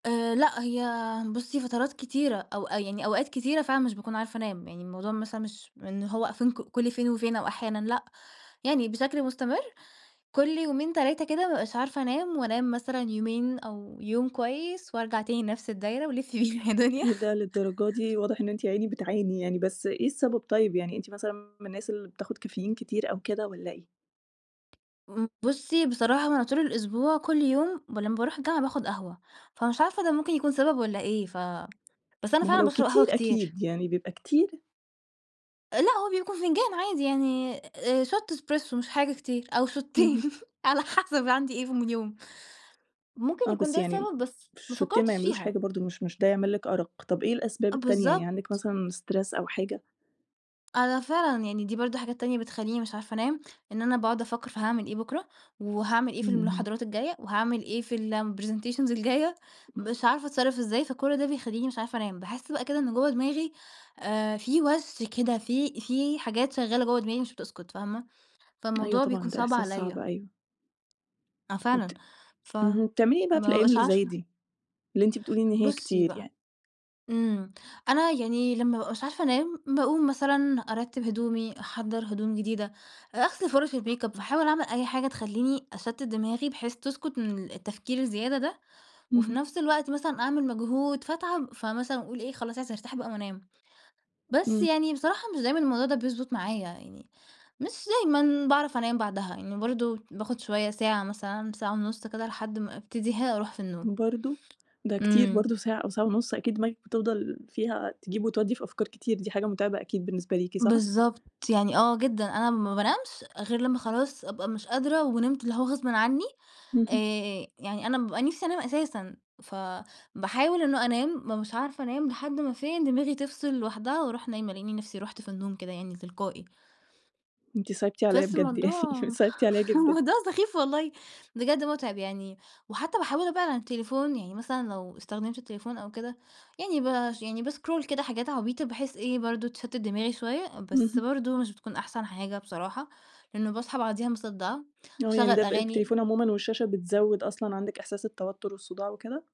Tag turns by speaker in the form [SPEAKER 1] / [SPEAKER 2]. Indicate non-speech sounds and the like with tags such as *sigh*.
[SPEAKER 1] آآ لأ، هي بُصّي، فترات كتيرة أو يعني أوقات كتيرة فعلًا مش باكون عارفة أنام. يعني الموضوع مثلًا مش إن هو I think كل فين وفين أو أحيانًا لأ. يعني بشكل مستمر كل يومين، 3 كده ما بابقاش عارفة أنام وأنام مثلًا يومين أو يوم كويس وأرجع تاني نَفْس الدايرة ولِفّي بينا يا دُنيا.
[SPEAKER 2] إيه ده للدرجة دي؟! واضح إن أنتِ ياعيني بتعاني يعني، بس إيه السبب طيب؟ يعني أنتِ مثلًا من الناس اللي بتاخد كافيين كتير أو كده والّا إيه؟
[SPEAKER 1] ام بُصّي، بصراحة أنا طول الأسبوع كل يوم ولمّا باروح الجامعة باخُد قهوة، فمش عارفة ده ممكن يكون سبب والّا إيه، ف بس أنا
[SPEAKER 2] ما هو
[SPEAKER 1] فعلًا
[SPEAKER 2] لو
[SPEAKER 1] باشرب
[SPEAKER 2] كتير
[SPEAKER 1] قهوة كتير.
[SPEAKER 2] أكيد، يعني بيبقى كتير؟
[SPEAKER 1] آآ لأ، هو بيكون فنجان عادي يعني آآ shot espresso مش حاجة كتير أو شوتّين
[SPEAKER 2] اهم.
[SPEAKER 1] على حَسَب عندي إيه في من يوم. ممكن
[SPEAKER 2] آه،
[SPEAKER 1] يكون
[SPEAKER 2] بس
[SPEAKER 1] ده
[SPEAKER 2] يعني م
[SPEAKER 1] سبب بس ما
[SPEAKER 2] شوتّين ما
[SPEAKER 1] فكَّرتش
[SPEAKER 2] يعملوش
[SPEAKER 1] فيها.
[SPEAKER 2] حاجة برضه، مش مش ده يعمل لِك أرَق. طَب إيه الأسباب
[SPEAKER 1] آه
[SPEAKER 2] التانية؟ يعني عندِك
[SPEAKER 1] بالضبط.
[SPEAKER 2] مثلًا stress أو حاجة؟
[SPEAKER 1] أنا فعلًا، يعني دي برضه حاجات تانية بتخلّيني مش عارفة أنام، إن أنا باقعُد أفكّر في هاعمل إيه بكرة؟ وهاعمل إيه في
[SPEAKER 2] إمم.
[SPEAKER 1] المحاضرات الجاية؟ وهاعمل إيه في الpresentations الجاية؟ مش
[SPEAKER 2] *chuckles*
[SPEAKER 1] عارفة أتصرَّف إزاي، فكل ده بيخلّيني مش عارفة أنام. باحِس بقى كده إن جوّه دماغي آآ، في وَش كده، في في حاجات شغّالة جوّه دماغي مش بتسكُت، فاهمة؟
[SPEAKER 2] أيوه
[SPEAKER 1] فالموضوع بيكون
[SPEAKER 2] طبعًا، ده
[SPEAKER 1] صعب
[SPEAKER 2] إحساس صعب
[SPEAKER 1] عليّا.
[SPEAKER 2] أيوه.
[SPEAKER 1] آه فعلًا.
[SPEAKER 2] وبت
[SPEAKER 1] ف ما
[SPEAKER 2] اهم، وبتعملي إيه بقى في الأيام
[SPEAKER 1] بابقاش
[SPEAKER 2] اللي زي
[SPEAKER 1] عارفة
[SPEAKER 2] دي، اللي أنتِ بتقولي إن هي
[SPEAKER 1] بُصّي
[SPEAKER 2] كتير
[SPEAKER 1] بقى
[SPEAKER 2] يعني؟
[SPEAKER 1] إمم. أنا يعني لمّا ما بابقاش عارفة أنام، باقوم مثلًا أرتِّب هدومي، أحضّر هدوم جديدة، آآ أغسل فُرَش الmakeup، باحاول أعمل أي حاجة تخلّيني أشتِّت دماغي بحيث تسكُت من التفكير الزيادة ده، وفي
[SPEAKER 2] اهم.
[SPEAKER 1] نَفْس الوقت مثلًا أعمل مجهود فاتعب، فمثلًا أقول إيه، خلاص عايزة أرتاح بقى وأنام. بس
[SPEAKER 2] إمم.
[SPEAKER 1] يعني بصراحة مش دايمًا الموضوع ده بيضبُط معايا، يعني مش دايمًا باعرف أنام بعدها. يعني برضه باخُد شوية ساعة مثلًا، ساعة ونُص كده لحد ما أبتدي ها أروح في النوم.
[SPEAKER 2] برضه؟ ده كتير
[SPEAKER 1] إمم.
[SPEAKER 2] برضه ساعة أو ساعة ونُص، أكيد دماغِك بتفضل فيها تجيب وتودّي في أفكار كتير، دي حاجة مُتعبة أكيد بالنسبة ليكِ، صح؟
[SPEAKER 1] بالضبط، يعني آه جدًا، أنا ما بانامش غير لمّا خلاص أبقى مش قادرة ونمت اللي هوغصبٍ عنّي.
[SPEAKER 2] اهم.
[SPEAKER 1] آآ يعني أنا بابقى نِفْسي أنام أساسًا، فباحاول إنه أنام، ما بابقاش عارفة أنام لحد ما فين دماغي تفصِل لوحدها وأروح نايمة، ألاقيني نَفْسي رُحت في النوم كده يعني تلقائي.
[SPEAKER 2] أنتِ صعبتِ عليّا
[SPEAKER 1] بس
[SPEAKER 2] بجد يعني،
[SPEAKER 1] الموضوع
[SPEAKER 2] صعبتِ عليّا جدًا.
[SPEAKER 1] الموضوع سخيف والله، بجد مُتعب يعني. وحتّى باحاول أبعِد عن التليفون يعني مثلًا لو استخدمت التليفون أو كده يعني باش يعني بscroll كده حاجات عبيطة بحيث إيه برضه تشتِّت دماغي شوية، بس
[SPEAKER 2] اهم.
[SPEAKER 1] برضه مش بتكون أحسن حاجة بصراحة، لإنّه باصحى بعديها مصدَّعة.
[SPEAKER 2] آه، يعني
[SPEAKER 1] باشغَّل
[SPEAKER 2] ده ب
[SPEAKER 1] أغاني
[SPEAKER 2] التليفون عمومًا والشاشة بتزوِّد أصلًا عندِك إحساس التوتُّر والصُداع وكده؟